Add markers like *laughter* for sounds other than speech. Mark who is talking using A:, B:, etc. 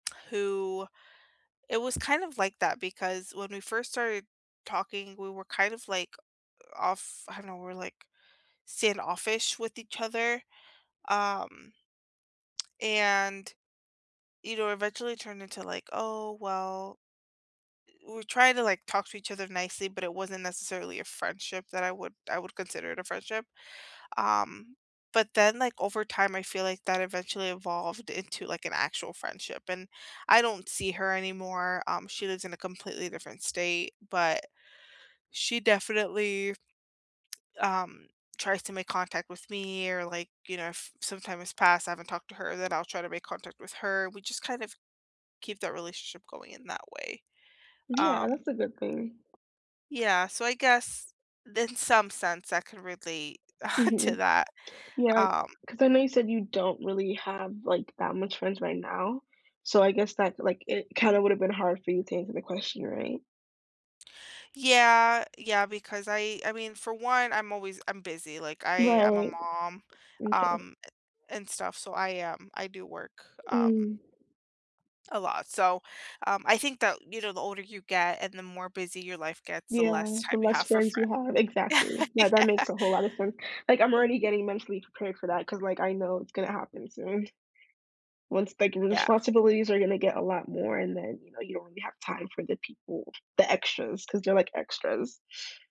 A: Who it was kind of like that because when we first started talking, we were kind of, like, off I don't know, were, like, standoffish with each other, um and, you know, eventually turned into, like, "Oh, well" Eh, we were trying to, like, talk to each other nicely, but it wasn't necessarily a friendship that I would I would consider it a friendship. Um, but then, like, over time, I feel like that eventually evolved into, like, an actual friendship. And I don't see her anymore; um, she lives in a completely different state, but she definitely, um, tries to make contact with me, or, like, you know, if some time has passed, I haven't talked to her, then I'll try to make contact with her. We just kind of keep the relationship going in that way,
B: Yeah,
A: um
B: that's a good thing.
A: Yeah. So, I guess, in some sense, I could relate *chuckles* to
B: Mhm.
A: that,
B: Yeah.
A: um
B: 'Cause I know you said you don't really have, like, that much friends right now. So, I guess that, like, it kinda would've been hard for you to answer the question, right?
A: Yeah. Yeah, because I I mean, for one, I'm always I'm busy. Like, I I'm a
B: Right.
A: mom,
B: M’kay.
A: um, a and stuff, so I, um, I do work, um
B: Mm.
A: a lot, so, um, I think that, you know, the older you get and the more busy your life gets, the
B: Yeah,
A: less
B: the
A: time you
B: less
A: have for
B: friends you
A: friend.
B: have Exactly.
A: *laughs*
B: That that
A: Yeah.
B: makes a whole lotta sense. Like, I'm already getting mentally prepared for that 'cause, like, I know it's gonna happen soon. Once the, like, re
A: Yeah.
B: responsibilities are gonna get a lot more and then, you know, you don't really have time for the people, the extras, 'cause they're like extras.